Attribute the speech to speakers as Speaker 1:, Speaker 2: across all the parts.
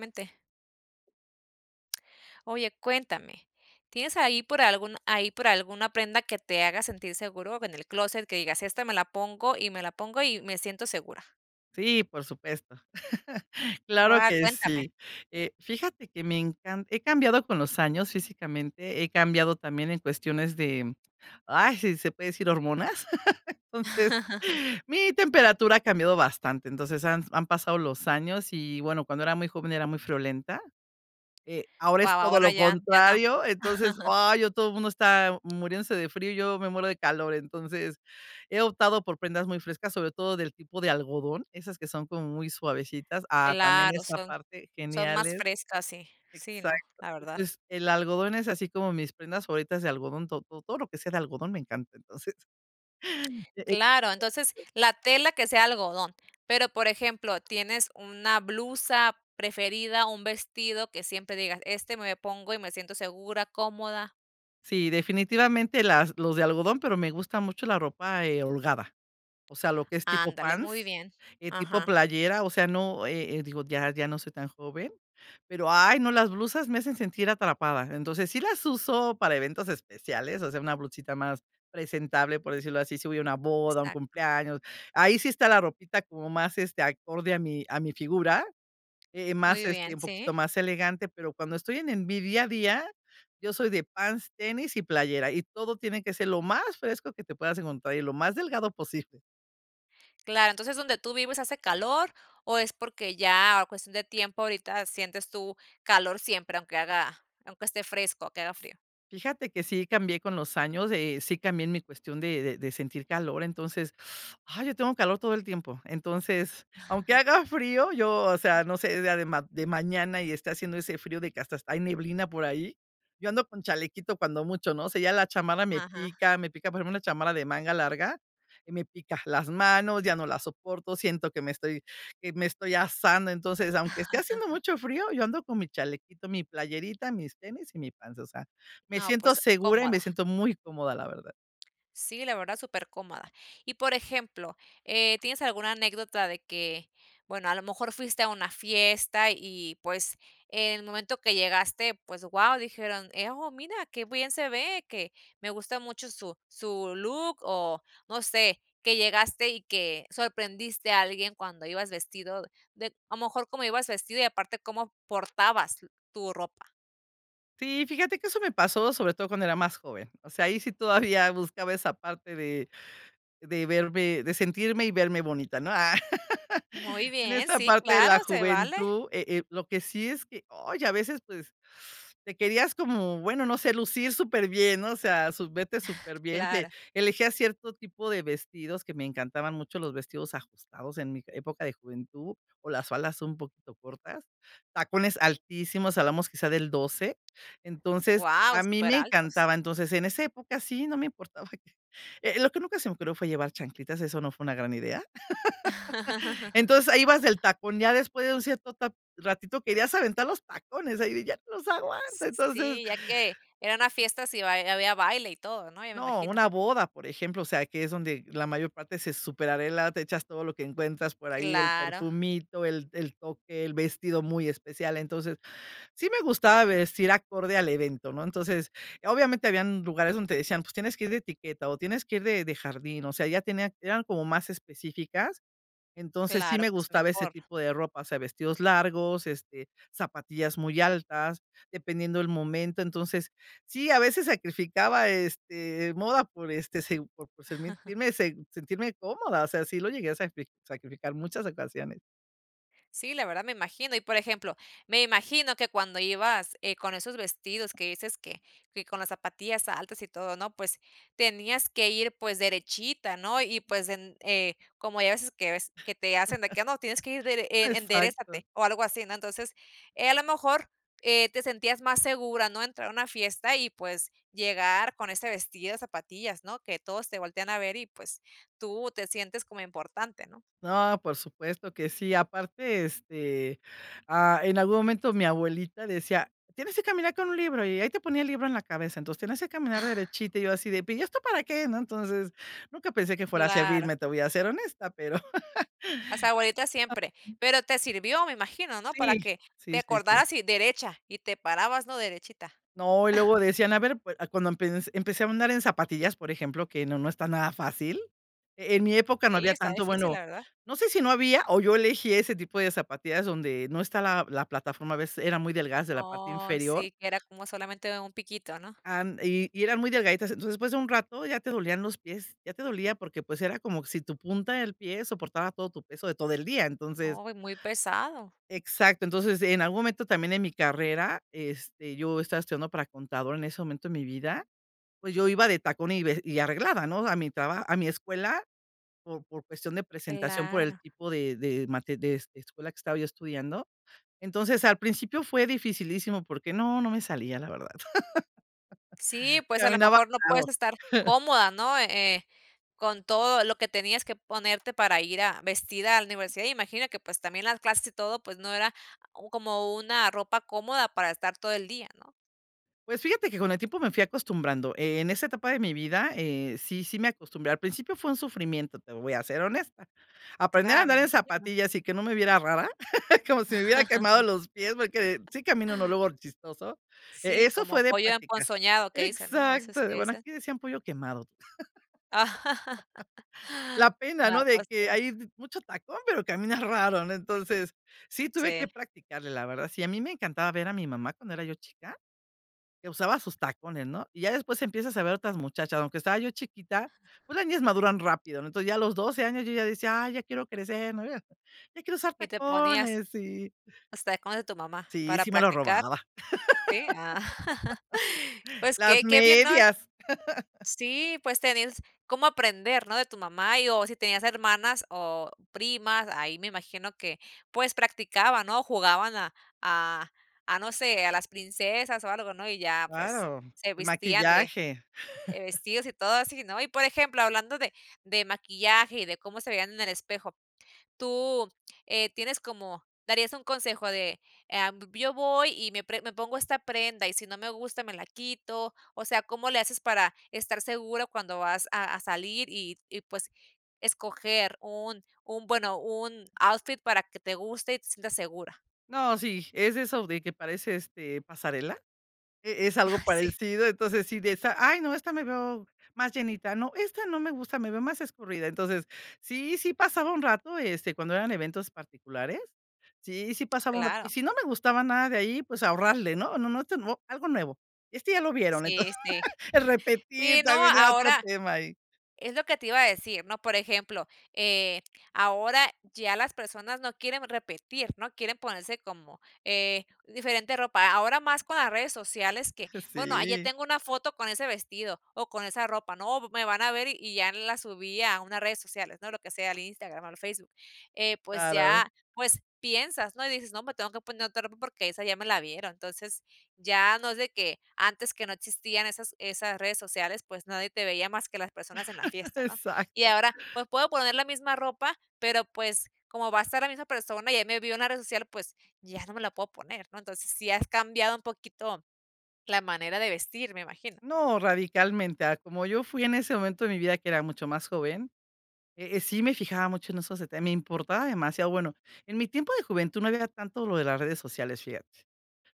Speaker 1: mente. Oye, cuéntame. ¿Tienes ahí por algún ahí por alguna prenda que te haga sentir seguro? En el clóset, que digas: "Esta me la pongo, y me la pongo, y me siento segura".
Speaker 2: Sí, por supuesto. Claro
Speaker 1: Guau,
Speaker 2: que
Speaker 1: cuéntame.
Speaker 2: sí. Eh, fíjate que me encan he cambiado con los años físicamente, he cambiado también en cuestiones de, ay, si se puede decir, hormonas. Entonces, mi temperatura ha cambiado bastante. Entonces, han han pasado los años y, bueno, cuando era muy joven era muy friolenta. Eh, ahora es
Speaker 1: Guau,
Speaker 2: todo
Speaker 1: ahora
Speaker 2: lo
Speaker 1: ya, ya no.
Speaker 2: contrario. Entonces, ay, ya todo mundo está muriéndose de frío, y yo me muero de calor. Entonces, he optado por prendas muy frescas, sobre todo del tipo de algodón, esas que son como muy suavecitas. Ah, también
Speaker 1: Claro,
Speaker 2: esa
Speaker 1: son
Speaker 2: parte,
Speaker 1: son más
Speaker 2: geniales.
Speaker 1: frescas, sí. Sí, no,
Speaker 2: Exacto.
Speaker 1: la verdad.
Speaker 2: Entonces, el algodón es así como mis prendas favoritas de algodón. To to todo lo que sea de algodón me encanta. Entonces.
Speaker 1: Claro, entonces
Speaker 2: [unintelligible]
Speaker 1: la tela que sea algodón. Pero, por ejemplo, tienes una blusa preferida, un vestido que siempre digas, este me pongo, y me siento segura, cómoda.
Speaker 2: Sí, definitivamente las los de algodón, pero me gusta mucho la ropa, eh, holgada. O sea, lo que es tipo
Speaker 1: Ándale, muy
Speaker 2: pants,
Speaker 1: bien.
Speaker 2: eh, tipo
Speaker 1: Ajá.
Speaker 2: playera, o sea, no, eh, eh, digo, ya ya no soy tan joven, pero ay, no, las blusas me hacen sentir atrapada. Entonces, sí las uso para eventos especiales, o sea, una blusita más presentable, por decirlo así, si voy a una boda, un
Speaker 1: Exacto.
Speaker 2: cumpleaños, ahí sí está la ropita como más, este, acorde a mi a mi figura, eh, más,
Speaker 1: Muy bien,
Speaker 2: este, un
Speaker 1: sí.
Speaker 2: poquito más elegante. Pero cuando estoy en en vi día a día, yo soy de pants, tenis y playera, y todo tiene que ser lo más fresco que te puedas encontrar, y lo más delgado posible.
Speaker 1: Claro, entonces ¿donde tú vives hace calor, o es porque ya cuestión de tiempo, ahorita sientes tú calor siempre aunque haga aunque esté fresco, aunque haga frío?
Speaker 2: Fíjate que sí cambié con los años, eh, sí cambié en mi cuestión de de de sentir calor, entonces, ay, yo tengo calor todo el tiempo. Entonces, aunque haga frío, yo, o sea, no sé, sea de ma de mañana y esté haciendo ese frío de que hast hasta hay neblina por ahí. Yo ando con chalequito cuando mucho, ¿no? O sea, ya la chamarra me
Speaker 1: Ajá.
Speaker 2: pica, me pica. Por ejemplo una chamarra de manga larga, me pica las manos, ya no la soporto, siento que me estoy que me estoy asando. Entonces, aunque esté haciendo mucho frío, yo ando con mi chalequito, mi playerita, mis tenis y mi pants. O sea, me
Speaker 1: No,
Speaker 2: siento
Speaker 1: pues,
Speaker 2: segura, y
Speaker 1: cómoda.
Speaker 2: me siento muy cómoda, la verdad.
Speaker 1: Sí, la verdad, supercómoda. Y, por ejemplo, eh, ¿tienes alguna anécdota de que, bueno, a lo mejor fuiste a una fiesta y, pues, en el momento que llegaste, pues, guau, dijeron: "Eh, oh, mira, qué bien se ve, que me gusta mucho su su look". O, no sé, que llegaste, y que sorprendiste a alguien cuando ibas vestido de a lo mejor como ibas vestido, y aparte como portabas l tu ropa.
Speaker 2: Sí, fíjate que eso me pasó, sobre todo cuando era más joven. O sea, ahí sí todavía buscaba esa parte de de verme de sentirme y verme bonita, ¿no? Ah,
Speaker 1: Muy
Speaker 2: en
Speaker 1: bien,
Speaker 2: esa
Speaker 1: sí,
Speaker 2: parte de
Speaker 1: claro,
Speaker 2: la
Speaker 1: se vale.
Speaker 2: juventud, eh eh, lo que sí es que oye, a veces, pues te querías como, bueno, no sé, lucir súper bien, ¿no? O sea, sub verte súper bien. Te
Speaker 1: Claro.
Speaker 2: elegía cierto tipo de vestidos que me encantaban mucho los vestidos ajustados en mi época de juventud, o las faldas un poquito cortas, tacones altísimos, hablamos quizá del 12. Entonces,
Speaker 1: Guau,
Speaker 2: a mí
Speaker 1: súper
Speaker 2: me
Speaker 1: altos.
Speaker 2: encantaba. Entonces, en esa época sí, no me importaba. Eh, lo que nunca se me ocurrió fue llevar chanclitas, eso no fue una gran idea. Entonces, ahí vas del tacón, ya después de un cierto ta ratito querías aventar los tacones, de ahí, ya los aguanto,
Speaker 1: S
Speaker 2: entonces
Speaker 1: sí, ya que eran las fiestas y bai y había baile y todo, ¿no? Ya me
Speaker 2: No,
Speaker 1: imagino.
Speaker 2: una boda, por ejemplo, o sea, que es donde la mayor parte se superarregla, te echas todo lo que encuentras por ahí, el
Speaker 1: Claro.
Speaker 2: perfumito, el el toque, el vestido muy especial. Entonces, sí me gustaba vestir acorde al evento, ¿no? Entonces, obviamente habían lugares donde te decían: "Pues tienes que ir de etiqueta, o tienes que ir de de jardín". O sea, ya tenían eran como más específicas. Entonces, sí
Speaker 1: Claro,
Speaker 2: me
Speaker 1: pues
Speaker 2: gustaba ese
Speaker 1: mejor.
Speaker 2: tipo de ropa, o sea, vestidos largos, este, zapatillas muy altas, dependiendo el momento. Entonces, sí, a veces sacrificaba, este, moda por, este se por por sent sentirme cómoda, o sea, sí lo llegué a sacri sacrificar muchas ocasiones.
Speaker 1: Sí, la verdad me imagino. Y, por ejemplo, me imagino que cuando ibas, eh, con esos vestidos que dices que que con las zapatillas altas y todo, ¿no? Pues tenías que ir, pues, derechita, ¿no? Y, pues, en eh, como ya hay veces que ves que te hacen de qué, ah, no, tienes que ir dere e
Speaker 2: Exacto.
Speaker 1: enderézate, o algo así, ¿no? Entonces, eh, a lo mejor, eh, te sentías más segura ¿no? Entrar a una fiesta y, pues, llegar con ese vestido, zapatillas, ¿no? Que todos te voltean a ver, y, pues, tú te sientes como importante, ¿no?
Speaker 2: No, por supuesto que sí. Aparte, este, ah, en algún momento, mi abuelita decía: "Tienes que caminar con un libro", y ahí te ponía el libro en la cabeza. Entonces, "tienes que caminar derechita", y yo así de pero: "¿Y esto para qué?" ¿No? Entonces, nunca pensé que fuera a
Speaker 1: Claro.
Speaker 2: servirme. Te voy a ser honesta, pero
Speaker 1: Las abuelitas siempre,
Speaker 2: [unintelligible]
Speaker 1: pero te sirvió, me imagino, ¿no? Para
Speaker 2: Sí,
Speaker 1: que
Speaker 2: sí,
Speaker 1: te
Speaker 2: sí, sí.
Speaker 1: acordaras, y derecha, y te parabas, ¿no?, derechita.
Speaker 2: No, y luego decían, a ver, pue cuando empens empecé a andar en zapatillas, por ejemplo, que no no está nada fácil. E en mi época no
Speaker 1: Sí,
Speaker 2: había
Speaker 1: está
Speaker 2: tanto,
Speaker 1: difícil, la
Speaker 2: bueno,
Speaker 1: verdad.
Speaker 2: no sé si no había, o yo elegí ese tipo de zapatillas donde no está la la plataforma, a veces eran muy delgadas de la parte
Speaker 1: Oh,
Speaker 2: inferior.
Speaker 1: sí, que era como solamente un piquito, ¿no?
Speaker 2: And y y eran muy delgaditas. Entonces, después de un rato ya te dolían los pies, ya te dolía porque, pues, era como si tu punta del pie soportaba todo tu peso de todo el día. Entonces
Speaker 1: Uy, muy pesado.
Speaker 2: Exacto. Entonces, en algún momento también en mi carrera, este, yo estaba estudiando para contador en ese momento de mi vida, pues yo iba de tacón y ve y arreglada, ¿no? A mi traba a mi escuela por por cuestión de presentación, por el
Speaker 1: Claro.
Speaker 2: tipo de de mate de de escuela que estaba yo estudiando. Entonces, al principio fue dificilísimo porque no, no me salía, la verdad.
Speaker 1: Sí, pues a lo
Speaker 2: Caminaba
Speaker 1: mejor no puedes
Speaker 2: raro.
Speaker 1: estar cómoda, ¿no? Eh eh, con todo lo que tenías que ponerte para ir a vestida a la universidad. Imagino que, pues, también las clases, y todo, pues, no era o como una ropa cómoda para estar todo el día, ¿no?
Speaker 2: Pues fíjate que con el tiempo me fui acostumbrando. Eh, en esa etapa de mi vida, eh, sí sí me acostumbré, al principio fue un sufrimiento, te voy a ser honesta. Aprender a
Speaker 1: Claro, me
Speaker 2: andar en
Speaker 1: imagino.
Speaker 2: zapatillas y que no me viera rara, como si me hubiera quemado los pies, porque sí camino uno luego chistoso. Eh,
Speaker 1: Sí,
Speaker 2: eso
Speaker 1: como
Speaker 2: fue de
Speaker 1: pollo
Speaker 2: practicar.
Speaker 1: emponzoñado que dicen, ¿no? A veces
Speaker 2: Exacto,
Speaker 1: que
Speaker 2: bueno,
Speaker 1: dicen.
Speaker 2: aquí decían pollo quemado. La pena,
Speaker 1: Ah,
Speaker 2: ¿no? De
Speaker 1: pues
Speaker 2: que
Speaker 1: como
Speaker 2: hay mucho tacón, pero camina raro, ¿no? Entonces, sí tuve
Speaker 1: Sí.
Speaker 2: que practicarle, la verdad. Sí, a mí me encantaba ver a mi mamá cuando era yo chica, que usaba sus tacones, ¿no? Y ya después empiezas a ver otras muchachas, aunque estaba yo chiquita, pues las niñas maduran rápido, ¿no? Entonces, ya a los 12 años yo ya decía: "Ay, ya quiero crecer", ¿no? "Ya quiero usar
Speaker 1: Y te ponías
Speaker 2: tacones". Sí.
Speaker 1: los tacones de tu mamá
Speaker 2: Sí,
Speaker 1: para
Speaker 2: sí me lo
Speaker 1: practicar,
Speaker 2: robaba.
Speaker 1: ¿sí? Ah. Pues
Speaker 2: Las
Speaker 1: que que bien, ¿no?
Speaker 2: medias.
Speaker 1: Sí, pues tenías cómo aprender, ¿no? De tu mamá, y o si tenías hermanas o primas, ahí me imagino que, pues, practicaban, ¿no? Jugaban a a a no sé, a las princesas o algo, ¿no? Y ya, pues,
Speaker 2: Claro,
Speaker 1: se
Speaker 2: el
Speaker 1: vestían de
Speaker 2: maquillaje.
Speaker 1: de vestidos y todo así, ¿no? Y, por ejemplo, hablando de de maquillaje y de cómo se veían en el espejo. Tú, eh, ¿tienes como darías un consejo de, em, yo voy y me pre me pongo esta prenda, y si no me gusta, me la quito, o sea, cómo le haces para estar seguro cuando vas a a salir y y, pues, escoger un un, bueno, un outfit para que te guste y te sientas segura?
Speaker 2: No, sí, es eso de que parece, este, pasarela. E es algo
Speaker 1: Sí.
Speaker 2: parecido, entonces, sí de esa: "Ay, no, esta me veo más llenita". "No, esta no me gusta, me veo más escurrida". Entonces, sí, sí pasaba un rato, este, cuando eran eventos particulares, sí, sí pasaba un rato. Y
Speaker 1: Claro.
Speaker 2: si no me gustaba nada de ahí, pues ahorrarle, no, no, no, esto no, algo nuevo. Este ya lo vieron,
Speaker 1: Sí,
Speaker 2: entonces,
Speaker 1: sí.
Speaker 2: el repetir
Speaker 1: Sí, no,
Speaker 2: también era otro
Speaker 1: ahora
Speaker 2: tema ahí.
Speaker 1: es lo que te iba a decir, ¿no? Por ejemplo, eh, ahora ya las personas no quieren repetir, ¿no? Quieren ponerse como, eh, diferente ropa. Ahora más con las redes sociales que, bueno, ya
Speaker 2: Sí.
Speaker 1: tengo una foto con ese vestido, o con esa ropa. "No, m v me van a ver y ya en la subí a unas redes sociales, ¿no? Lo que sea, al Instagram o al Facebook". Eh, pues
Speaker 2: Claro.
Speaker 1: ya, pues piensas, ¿no? Y dices: "No, me tengo que poner otra ropa porque esa ya me la vieron". Entonces, ya no es de que antes que no existían esas esas redes sociales, pues nadie te veía más que las personas en la fiesta, ¿no? Y
Speaker 2: Exacto.
Speaker 1: ahora, pues puedo poner la misma ropa, pero pues como va a estar la misma persona, y ya me vio en las redes sociales pues ya no me la puedo poner, ¿no? Entonces, si has cambiado un poquito la manera de vestir, me imagino.
Speaker 2: No, radicalmente, a como yo fui en ese momento de mi vida que era mucho más joven, eh eh, sí me fijaba mucho en esos detalles, me importaba demasiado. Bueno, en mi tiempo de juventud no había tanto lo de las redes sociales, fíjate,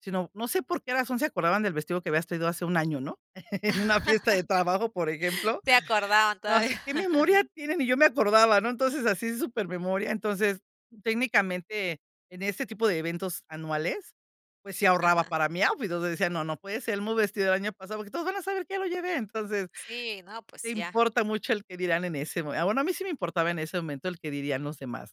Speaker 2: sino, no sé por qué razón se acordaban del vestido que habías traído hace un año, ¿no? En una fiesta de trabajo, por ejemplo,
Speaker 1: Se acordaban
Speaker 2: así
Speaker 1: todavía.
Speaker 2: que memoria tienen. Ni yo me acordaba, ¿no? Entonces así s supermemoria. Entonces, técnicamente, en ese tipo de eventos anuales, pues sí ahorraba
Speaker 1: Ajá.
Speaker 2: para mí outfit, o sea, decía: "No, no puede ser el mismo vestido el año pasado, porque todos van a saber que ya lo llevé". Entonces,
Speaker 1: Sí, no,
Speaker 2: te
Speaker 1: pues ya.
Speaker 2: importa mucho el qué dirán en ese mome ah, bueno, a mí sí me importaba en ese momento el qué dirían los demás.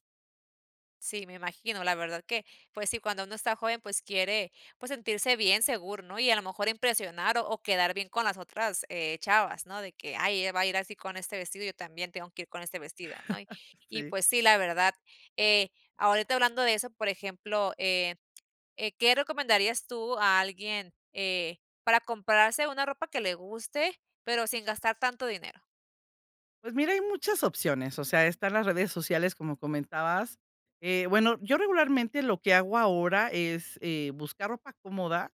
Speaker 1: Sí, me imagino, la verdad que, pues sí, cuando uno está joven, pues quiere pues sentirse bien seguro, ¿no? Y a lo mejor impresionar, o, quedar bien con las otras, eh, chavas, ¿no? De que, ay, ella va a ir así con este vestido, y yo también tengo que ir con este vestido, ¿no? Y,
Speaker 2: Sí.
Speaker 1: pues sí, la verdad, eh, ahorita hablando de eso, por ejemplo, eh, eh, ¿qué recomendarías tú a alguien, eh, para comprarse una ropa que le guste, pero sin gastar tanto dinero?
Speaker 2: Pues mira, hay muchas opciones, o sea, están las redes sociales, como comentabas, eh, bueno, yo regularmente lo que hago ahora es, eh, buscar ropa cómoda,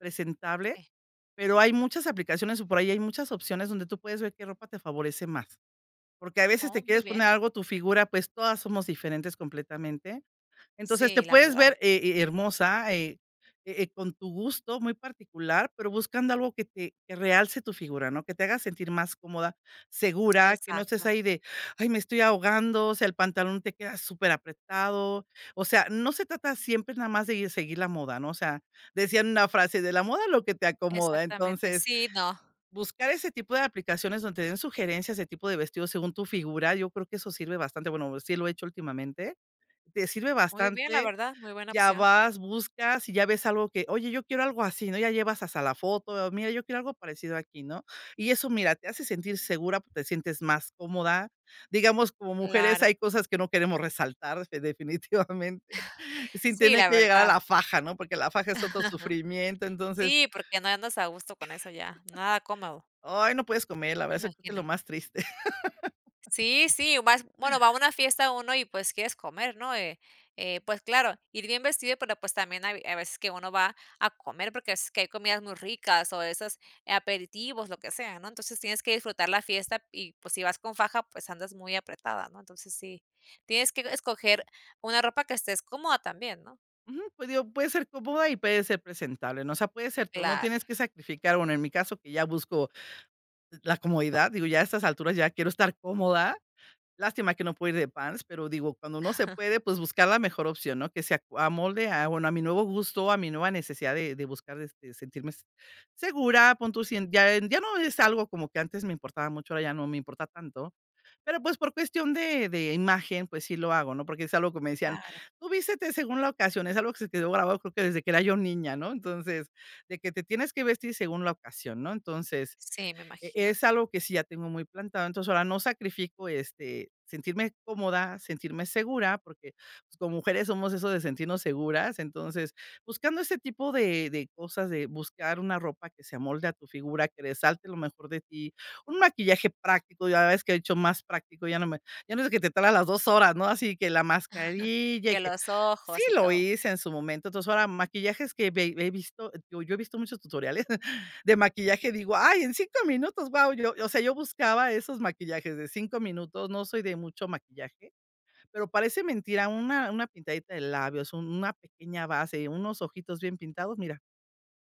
Speaker 2: presentable,
Speaker 1: Sí.
Speaker 2: pero hay muchas aplicaciones, o, por ahí hay muchas opciones donde tú puedes ver qué ropa te favorece más. Porque a veces
Speaker 1: Oh,
Speaker 2: te
Speaker 1: muy
Speaker 2: quieres poner
Speaker 1: bien.
Speaker 2: algo tu figura, pues, todas somos diferentes completamente. Entonces te
Speaker 1: Sí, la
Speaker 2: puedes
Speaker 1: verdad.
Speaker 2: ver, he he hermosa, e e e con tu gusto muy particular, pero buscando algo que te que realce tu figura, ¿no? Que te haga sentir más cómoda, segura, que no estés
Speaker 1: Exacto.
Speaker 2: ahí de: "Ay, me estoy ahogando", o sea, el pantalón te queda súper apretado. O sea, no se trata siempre nada más de gui seguir la moda, ¿no? O sea, decían una frase: "De la moda lo que te acomoda".
Speaker 1: Exactamente,
Speaker 2: Entonces,
Speaker 1: sí, no.
Speaker 2: buscar ese tipo de aplicaciones donde te den sugerencias de tipo de vestidos según tu figura, yo creo que eso sirve bastante. Bueno, sí lo he hecho últimamente, te sirve
Speaker 1: Muy bien, la
Speaker 2: bastante.
Speaker 1: verdad, muy buena
Speaker 2: Ya
Speaker 1: opción.
Speaker 2: vas, buscas y ya ves algo que oye: "Yo quiero algo así", ¿no? Ya llevas hasta la foto. "Mira, yo quiero algo parecido aquí", ¿no? Y eso mira, te hace sentir segura, p te sientes más cómoda. Digamos, como mujeres
Speaker 1: Claro.
Speaker 2: hay cosas que no queremos resaltar definitivamente, sin
Speaker 1: Sí,
Speaker 2: tener
Speaker 1: la
Speaker 2: que llegar a
Speaker 1: verdad.
Speaker 2: la faja, ¿no? Porque la faja es otro sufrimiento, entonces
Speaker 1: Sí, porque no andas a gusto con eso ya, nada cómodo.
Speaker 2: Ay, no puedes comer, la
Speaker 1: Me
Speaker 2: verdad, eso creo que es
Speaker 1: imagino.
Speaker 2: lo más triste.
Speaker 1: Sí, sí, u más bueno, va a una fiesta uno y, pues, quieres comer, ¿no? Eh eh pues, claro, ir bien vestido, pero, pues, también hay hay veces que uno va a comer porque es que hay comidas muy ricas, o, esas aperitivos, lo que sea, ¿no? Entonces tienes que disfrutar la fiesta, y pues si vas con faja, pues, andas muy apretada, ¿no? Entonces sí tienes que escoger una ropa que estés cómoda también, ¿no?
Speaker 2: Ujú, pues digo, puede ser cómoda y puede ser presentable, ¿no? O sea, puedes ser tú, no
Speaker 1: Claro.
Speaker 2: tienes que sacrificar. Bueno, en mi caso que ya busco la comodidad, digo, ya a estas alturas ya quiero estar cómoda. Lástima que no puedo ir de pants, pero digo, cuando no se puede, pues, buscar la mejor opción, ¿no? Que se ac amolde a, bueno, a mi nuevo gusto, a mi nueva necesidad de de buscar de de sentirme, se segura, pon tu si ya ya no es algo como que antes me importaba mucho, ahora ya no me importa tanto, pero, pues, por cuestión de de imagen, pues sí lo hago, ¿no? Porque es algo que me decían:
Speaker 1: Claro.
Speaker 2: "Tú vístete según la ocasión", es algo que se quedó grabado, creo que desde que era yo niña, ¿no? Entonces de que te tienes que vestir según la ocasión, ¿no? Entonces
Speaker 1: Sí, me
Speaker 2: e
Speaker 1: imagino.
Speaker 2: es algo que sí ya tengo muy plantado. Entonces ahora no sacrifico este sentirme cómoda, sentirme segura, porque, pues, como mujeres somos eso de sentirnos seguras. Entonces buscando ese tipo de de cosas, de buscar una ropa que se amolde a tu figura, que resalte lo mejor de ti. Un maquillaje práctico, ya ves que de hecho más práctico ya no me ya no es de que te tardas las 2 horas, ¿no? Así que la mascarilla, y
Speaker 1: Que
Speaker 2: que
Speaker 1: los
Speaker 2: sí
Speaker 1: ojos y
Speaker 2: lo
Speaker 1: todo.
Speaker 2: hice en su momento. Entonces, ahora maquillajes que ve ve he visto, digo, yo he visto muchos tutoriales de maquillaje, digo: "Ay, en 5 minutos, guau", o sea, yo buscaba esos maquillajes de 5 minutos, no soy de mucho maquillaje, pero parece mentira, una una pintadita de labios, un una pequeña base, unos ojitos bien pintados. Mira,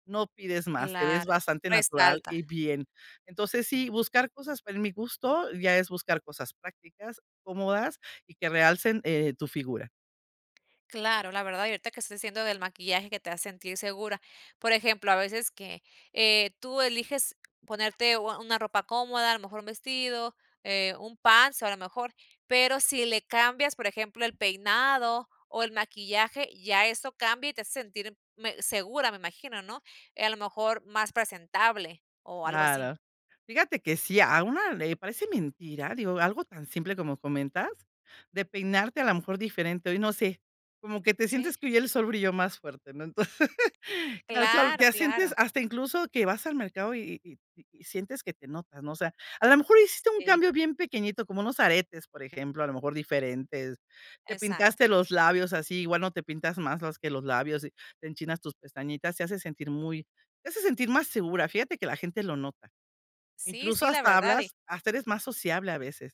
Speaker 2: no pides más, te ves
Speaker 1: Claro,
Speaker 2: bastante natural
Speaker 1: resalta.
Speaker 2: y bien. Entonces, sí, buscar cosas, pero en mi gusto ya es buscar cosas prácticas, cómodas y que realcen, eh, tu figura.
Speaker 1: Claro, la verdad. Y ahorita que estás diciendo del maquillaje que te hace sentir segura. Por ejemplo, a veces que, eh, tú eliges ponerte u a una ropa cómoda, a lo mejor un vestido, eh, un pants, a lo mejor, pero si le cambias, por ejemplo, el peinado o el maquillaje, ya eso cambia, y te hace sentir me segura, me imagino, ¿no? Eh, a lo mejor más presentable, o algo así.
Speaker 2: Claro, fíjate que sí, a una le parece mentira, digo, algo tan simple como comentas, de peinarte a la mejor diferente. Ay, no sé como que te
Speaker 1: Sí.
Speaker 2: sientes que el sol brilló más fuerte, ¿no? Entonces, que el sol
Speaker 1: Claro,
Speaker 2: te
Speaker 1: claro.
Speaker 2: sientes hasta incluso que vas al mercado y y y y sientes que te notas, ¿no? O sea, a la mejor hiciste un
Speaker 1: Sí.
Speaker 2: cambio bien pequeñito, como unos aretes, por ejemplo, a lo mejor diferentes. Te
Speaker 1: Exacto.
Speaker 2: pintaste los labios así, igual no te pintas más más que los labios, y te enchinas tus pestañitas, se hace sentir muy, te hace sentir más segura. Fíjate que la gente lo nota.
Speaker 1: Sí,
Speaker 2: Incluso
Speaker 1: sí, la
Speaker 2: hasta
Speaker 1: verdad y
Speaker 2: hablas hasta eres más sociable a veces.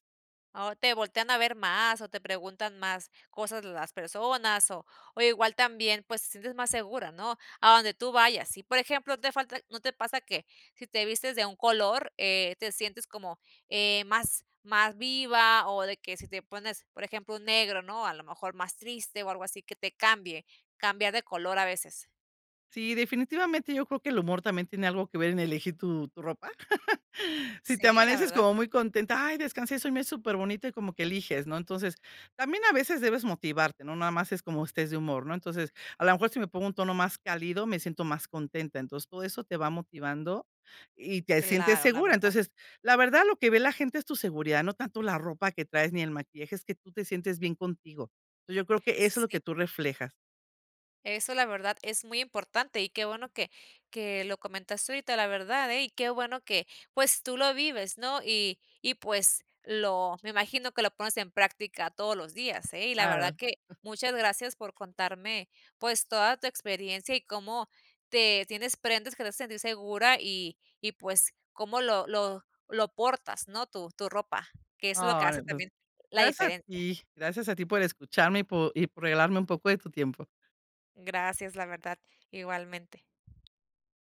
Speaker 1: O te voltean a ver más, o te preguntan más cosas las personas, o o igual también pues te sientes más segura, ¿no? A donde tú vayas. Si por ejemplo te falta ¿no te pasa que si te vistes de un color, eh, te sientes como, eh, más más viva, o de que sí te pones por ejemplo un negro, ¿no? A lo mejor más triste o algo así que te cambie, cambiar de color a veces.
Speaker 2: Sí, definitivamente yo creo que el humor también tiene algo que ver en elegir tu tu ropa. Si te
Speaker 1: Sí, la
Speaker 2: amaneces
Speaker 1: verdad.
Speaker 2: como muy contenta: "Ay, descanse, soñé superbonito", y como que eliges, ¿no? Entonces también a veces debes motivarte, no nada más es cómo estés de humor, ¿no? Entonces, a la mejor si me pongo un tono más cálido, me siento más contenta. Entonces todo eso te va motivando y te sientes
Speaker 1: Claro, la
Speaker 2: segura.
Speaker 1: verdad.
Speaker 2: Entonces, la verdad, lo que ve la gente es tu seguridad, no tanto la ropa que traes ni el maquillaje, es que tú te sientes bien contigo. Entonces, yo creo que
Speaker 1: S
Speaker 2: eso es
Speaker 1: s
Speaker 2: lo
Speaker 1: sí.
Speaker 2: que tú reflejas.
Speaker 1: Eso, la verdad, es muy importante, y qué bueno que que lo comentaste ahorita, la verdad, eh. Y qué bueno que, pues, tú lo vives, ¿no? Y y pues lo me imagino que lo pones en práctica todos los días, eh. Y la
Speaker 2: Claro.
Speaker 1: verdad que muchas gracias por contarme, pues, toda tu experiencia, y cómo te tienes prendas que te hacen sentir segura, y y pues cómo lo lo lo portas, ¿no? Tu tu ropa, que es lo que
Speaker 2: Ay,
Speaker 1: hace
Speaker 2: pues,
Speaker 1: también la
Speaker 2: gracias a
Speaker 1: diferencia.
Speaker 2: ti, gracias a ti por escucharme, y por y por regalarme un poco de tu tiempo.
Speaker 1: Gracias la verdad, igualmente.